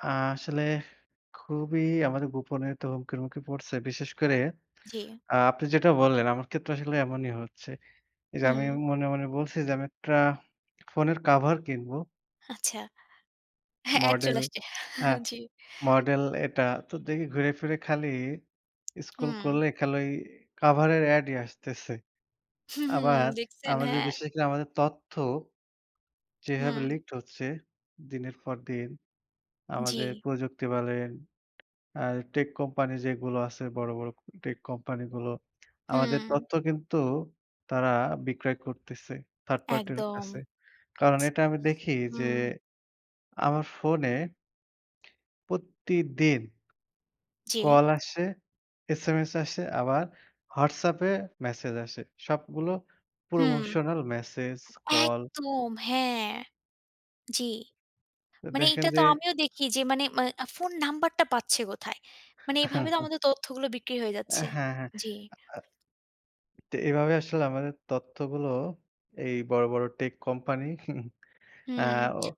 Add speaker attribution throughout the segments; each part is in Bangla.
Speaker 1: আসলে খুবই আমাদের গোপনীয়তা হুমকির মুখে পড়ছে। বিশেষ করে
Speaker 2: জি।
Speaker 1: আপনি যেটা বললেন আমার ক্ষেত্রে আসলে এমনই হচ্ছে। এই যে আমি
Speaker 2: হুম।
Speaker 1: মনে, মনে বলছি যে আমি একটা ফোনের কভার কিনবো।
Speaker 2: আচ্ছা। হ্যাঁ, ad চলে
Speaker 1: Model
Speaker 2: আসছে।
Speaker 1: হ্যাঁ
Speaker 2: জি।
Speaker 1: Model এটা তো দেখি ঘুরে ফিরে খালি scroll
Speaker 2: হুম।
Speaker 1: করলে খালি কভারের ad ই আসতেছে।
Speaker 2: হুম, হুম।
Speaker 1: আবার
Speaker 2: দেখছেন,
Speaker 1: আমাদের,
Speaker 2: হ্যাঁ?
Speaker 1: বিশেষ করে আমাদের তথ্য যেভাবে
Speaker 2: হুম।
Speaker 1: leaked হচ্ছে দিনের পর দিন। আমাদের
Speaker 2: জি।
Speaker 1: প্রযুক্তি বলেন আ tech company যেগুলো আছে বড়, বড় tech company গুলো। আমাদের
Speaker 2: হুম।
Speaker 1: তথ্য কিন্তু তারা বিক্রয় করতেছে third party র
Speaker 2: একদম।
Speaker 1: কাছে। কারণ এটা আমি দেখি
Speaker 2: ইস!
Speaker 1: যে
Speaker 2: হুম।
Speaker 1: আমার ফোনে। প্রতিদিন
Speaker 2: জি।
Speaker 1: call আসে, SMS আসে আবার WhatsApp এ message আসে সবগুলো
Speaker 2: হুম।
Speaker 1: promotional message, call।
Speaker 2: একদম, হ্যাঁ। জি। মানে
Speaker 1: দেখেন
Speaker 2: এইটা তো
Speaker 1: যে
Speaker 2: আমিও দেখি যে মানে এ ফোন নাম্বারটা পাচ্ছে কোথায়? মানে এভাবে তো আমাদের তথ্যগুলো বিক্রি হয়ে যাচ্ছে।
Speaker 1: হ্যাঁ, হ্যাঁ।
Speaker 2: জি।
Speaker 1: তো এভাবে আসলে আমাদের তথ্যগুলো এই বড়, বড় tech company আ অ
Speaker 2: হুম।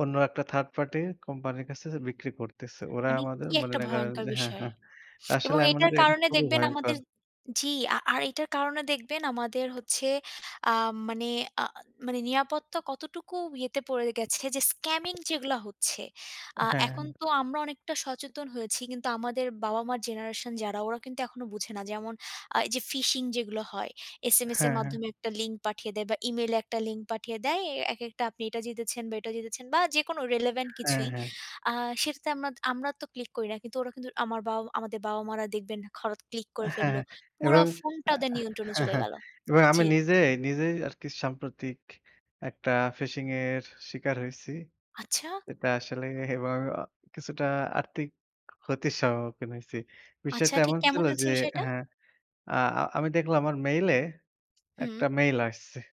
Speaker 1: অন্য একটা third party company র কাছে বিক্রি করতেছে। ওরা
Speaker 2: মানে
Speaker 1: আমাদের
Speaker 2: কি একটা
Speaker 1: মনে করে
Speaker 2: ভয়ঙ্কর
Speaker 1: যে হ্যাঁ,
Speaker 2: বিষয়!
Speaker 1: হ্যাঁ। তা
Speaker 2: এবং
Speaker 1: আসলে আমি মনে
Speaker 2: এটার
Speaker 1: করি এটা
Speaker 2: কারণে
Speaker 1: খুবই
Speaker 2: দেখবেন
Speaker 1: ভয়ঙ্কর।
Speaker 2: আমাদের জি, আর এটার কারণে দেখবেন আমাদের হচ্ছে আ মানে আ মানে নিরাপত্তা কতটুকু ইয়েতে পড়ে গেছে যে scamming যেগুলা হচ্ছে। আ এখন
Speaker 1: হ্যাঁ।
Speaker 2: তো আমরা অনেকটা সচেতন হয়েছি কিন্তু আমাদের বাবা-মার generation যারা ওরা কিন্তু এখনো বোঝে না। যেমন আ এই যে phishing যেগুলো হয়, SMS এর
Speaker 1: হ্যাঁ, হ্যাঁ।
Speaker 2: মাধ্যমে একটা link পাঠিয়ে দেয় বা email এ একটা link পাঠিয়ে দেয়, একেকটা আপনি এটা জিতেছেন বা এটা জিতেছেন বা যেকোনো relevant
Speaker 1: হ্যাঁ,
Speaker 2: কিছুই।
Speaker 1: হ্যাঁ।
Speaker 2: আ সেটাতে আমরা আমরা তো click করি না কিন্তু ওরা কিন্তু আমার বাবা আমাদের বাবা-মারা দেখবেন হঠাৎ click করে ফেলল।
Speaker 1: হ্যাঁ
Speaker 2: পুরা
Speaker 1: এবং
Speaker 2: ফোনটা ওদের নিয়ন্ত্রণে চলে গেল।
Speaker 1: আমি
Speaker 2: জি।
Speaker 1: নিজেই, নিজেই আরকি সাম্প্রতিক একটা phishing এর শিকার হইছি।
Speaker 2: আচ্ছা।
Speaker 1: এটা আসলে এবং কিছুটা আর্থিক ক্ষতির সম্মুখীন হইছি।
Speaker 2: আচ্ছা
Speaker 1: বিষয়টা
Speaker 2: ঠিক
Speaker 1: এমন ছিল
Speaker 2: কেমন আছে
Speaker 1: যে
Speaker 2: বিষয়টা?
Speaker 1: হ্যাঁ, আ আ আমি দেখলাম আমার mail এ
Speaker 2: হুম।
Speaker 1: একটা mail আসছে।